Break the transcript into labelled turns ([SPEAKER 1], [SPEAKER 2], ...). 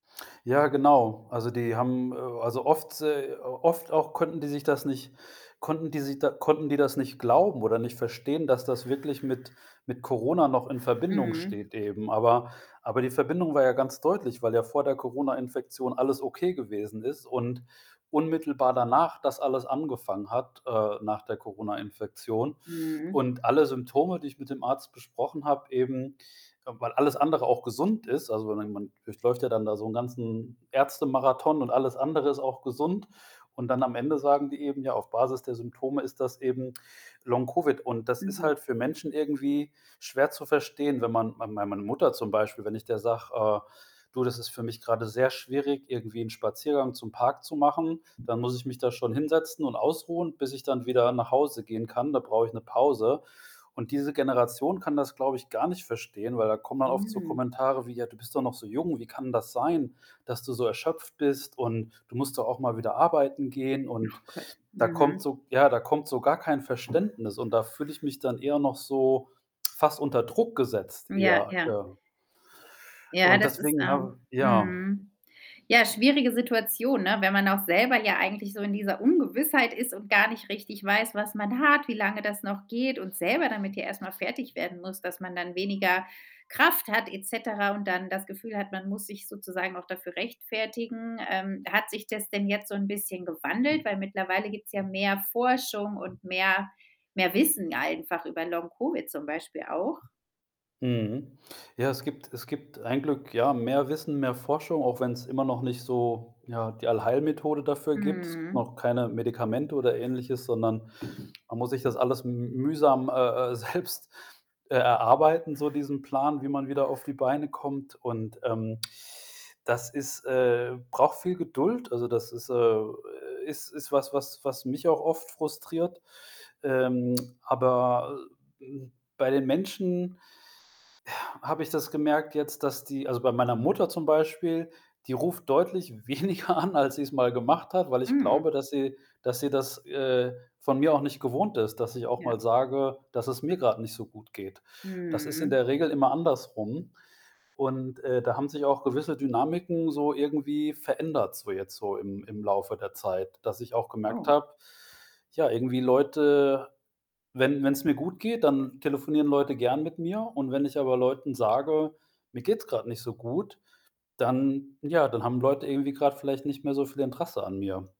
[SPEAKER 1] Ja, genau. Also, die haben äh, also, oft äh, oft auch konnten die sich das nicht konnten die sich da konnten die das nicht glauben, oder nicht verstehen, dass das wirklich mit mit Corona noch in Verbindung
[SPEAKER 2] Mhm.
[SPEAKER 1] steht eben. Aber Aber, die Verbindung war ja ganz deutlich, weil ja vor der Coronainfektion alles okay gewesen ist und unmittelbar danach, das alles angefangen hat, äh, nach der Coronainfektion.
[SPEAKER 2] Mhm.
[SPEAKER 1] Und alle Symptome, die ich mit dem Arzt besprochen habe, eben weil alles andere auch gesund ist. Also, man man durchläuft ja dann da so 'nen ganzen Ärztemarathon und alles andere ist auch gesund. Und dann am Ende sagen die eben: „Ja, auf Basis der Symptome, ist das eben Long Covid.“ Und das ist
[SPEAKER 2] Mhm.
[SPEAKER 1] halt für Menschen irgendwie schwer zu verstehen, wenn man mei bei meiner Mutter zum Beispiel, wenn ich der sage, äh: „Du, das ist für mich grade sehr schwierig, irgendwie 'nen Spaziergang zum Park zu machen, dann muss ich mich da schon hinsetzen und ausruhen, bis ich dann wieder nach Hause gehen kann. Da brauche ich 'ne Pause.“ Und diese Generation kann das, glaube ich, gar nicht verstehen, weil da kommen dann oft so
[SPEAKER 2] Mhm.
[SPEAKER 1] Kommentare wie: „Ja, du bist doch noch so jung. Wie kann das sein, dass du so erschöpft bist? Und du musst doch auch mal wieder arbeiten gehen.“ Und
[SPEAKER 2] Ach Gott,
[SPEAKER 1] da kommt
[SPEAKER 2] mhm.
[SPEAKER 1] so ja, da kommt so gar kein Verständnis und da fühle ich mich dann eher noch so fast unter Druck gesetzt,
[SPEAKER 2] Ja,
[SPEAKER 1] eher.
[SPEAKER 2] ja.
[SPEAKER 1] Ähm
[SPEAKER 2] Ja,
[SPEAKER 1] und
[SPEAKER 2] das ist,
[SPEAKER 1] deswegen
[SPEAKER 2] ähm
[SPEAKER 1] habe ja
[SPEAKER 2] mhm, ja, schwierige Situation, ne, wenn man auch selber, ja eigentlich, so in dieser Ungewissheit ist, und gar nicht richtig weiß, was man hat, wie lange das noch geht, und selber damit ja erst mal fertig werden muss, dass man dann weniger Kraft hat et cetera, und dann das Gefühl hat, man muss sich sozusagen noch dafür rechtfertigen. Ähm, hat sich das denn jetzt so 'n bisschen gewandelt? Weil mittlerweile gibt's ja mehr Forschung und mehr mehr Wissen einfach, über Long Covid, zum Beispiel auch.
[SPEAKER 1] Mhm, ja, es gibt es gibt ein Glück, ja, mehr Wissen, mehr Forschung, auch wenn's immer noch nicht so, ja, die Allheilmethode dafür gibt. Es gibt
[SPEAKER 2] Mhm.
[SPEAKER 1] noch keine Medikamente, oder Ähnliches, sondern man muss sich das alles m mühsam, äh, äh, selbst, äh, erarbeiten, so diesen Plan, wie man wieder auf die Beine kommt. Und, ähm, das ist äh, braucht viel Geduld. Also, das ist äh, äh, ist ist was, was was mich auch oft frustriert. Ähm, aber, äh hm, bei den Menschen, ja, habe ich das gemerkt jetzt, dass die also, bei meiner Mutter, zum Beispiel, die ruft deutlich weniger an, als sie's mal gemacht hat, weil ich glaube,
[SPEAKER 2] Mhm.
[SPEAKER 1] dass sie dass sie das, äh, von mir auch nicht gewohnt ist, dass ich auch
[SPEAKER 2] Ja.
[SPEAKER 1] mal sage, das es mir grad nicht so gut geht. Das ist in
[SPEAKER 2] Mhm.
[SPEAKER 1] der Regel immer andersrum und, äh, da haben sich auch gewisse Dynamiken, so irgendwie verändert, so jetzt, so im im Laufe der Zeit, dass ich auch gemerkt
[SPEAKER 2] Oh.
[SPEAKER 1] habe, ja, irgendwie Leute wenn wenn's mir gut geht, dann telefonieren Leute gerne mit mir. Und wenn ich aber Leuten sage: „Mir geht's grad nicht so gut.“ Dann ja, dann haben Leute irgendwie grad vielleicht nicht mehr so viel Interesse an mir.